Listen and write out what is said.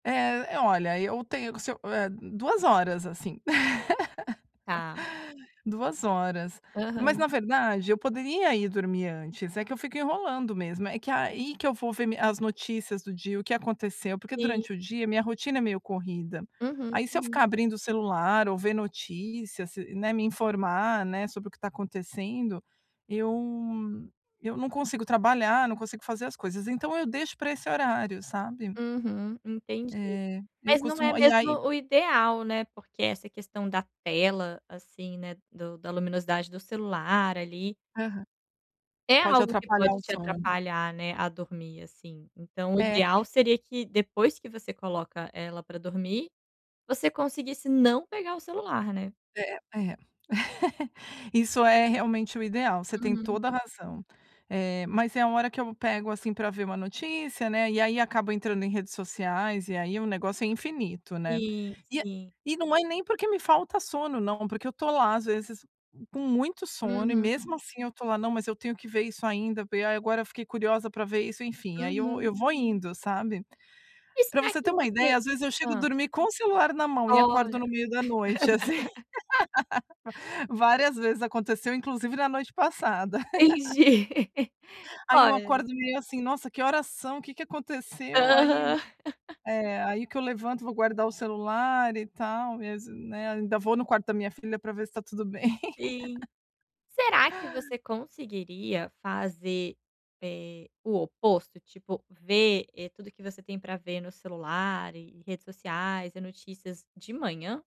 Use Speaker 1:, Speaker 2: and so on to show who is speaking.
Speaker 1: Eh, eh, olha, eu tenho se eu, eh, 2 horas, assim.
Speaker 2: Tá.
Speaker 1: 2 horas, mas na
Speaker 2: Aham.
Speaker 1: verdade eu poderia ir dormir antes, é que eu fico enrolando mesmo, é que aí que eu vou ver mi as notícias do dia, o que aconteceu. Porque
Speaker 2: E
Speaker 1: durante o dia minha rotina é meio corrida,
Speaker 2: Uhum,
Speaker 1: aí se eu
Speaker 2: uhum.
Speaker 1: ficar abrindo o celular ou ver notícias, se né, me informar, né, sobre o que tá acontecendo, eu eu não consigo trabalhar, não consigo fazer as coisas. Então, eu deixo pra esse horário, sabe.
Speaker 2: Uhum, entendi.
Speaker 1: É. Eu
Speaker 2: Mas não é
Speaker 1: costumo e
Speaker 2: mesmo
Speaker 1: aí
Speaker 2: o ideal, né, porque essa questão da tela assim, né, do da luminosidade do celular, ali
Speaker 1: Aham.
Speaker 2: é
Speaker 1: Pode
Speaker 2: algo que
Speaker 1: atrapalhar
Speaker 2: pode
Speaker 1: o
Speaker 2: te
Speaker 1: sono.
Speaker 2: atrapalhar, né, a dormir, assim. Então, o
Speaker 1: É.
Speaker 2: ideal seria que depois que você coloca ela pra dormir, você conseguisse não pegar o celular, né.
Speaker 1: É, é. Isso é realmente o ideal, você tem
Speaker 2: Uhum.
Speaker 1: toda a razão. Eh, mas é a hora que eu pego assim pra ver uma notícia, né, e aí acabo entrando em redes sociais, e aí o negócio é infinito, né.
Speaker 2: Sim,
Speaker 1: E é
Speaker 2: sim.
Speaker 1: e não é nem porque me falta sono não, porque eu tô lá, às vezes, com muito sono e
Speaker 2: Uhum.
Speaker 1: mesmo assim eu tô lá: "Não, mas eu tenho que ver isso ainda, ver e ai, agora eu fiquei curiosa pra ver isso". Enfim, aí eu
Speaker 2: Uhum.
Speaker 1: eu vou indo, sabe.
Speaker 2: E
Speaker 1: Pra
Speaker 2: será
Speaker 1: você ter
Speaker 2: que
Speaker 1: uma ideia,
Speaker 2: você
Speaker 1: às vezes, eu chego
Speaker 2: Hã.
Speaker 1: dormir com o celular na mão e acordo
Speaker 2: Olha!
Speaker 1: no meio da noite, assim. Várias vezes aconteceu, inclusive na noite passada.
Speaker 2: Entendi.
Speaker 1: Aí, eu
Speaker 2: Olha
Speaker 1: acordo meio assim: "Nossa! Que horas são? Que que aconteceu?". Aí,
Speaker 2: Aham.
Speaker 1: eh, aí que eu levanto vou guardar o celular e tal. Mes né, ainda vou no quarto da minha filha para ver se tá tudo bem.
Speaker 2: Sim. Será que você conseguiria fazer, eh, o oposto? Tipo, ver, eh, tudo que você tem pra ver no celular e redes sociais e notícias de manhã?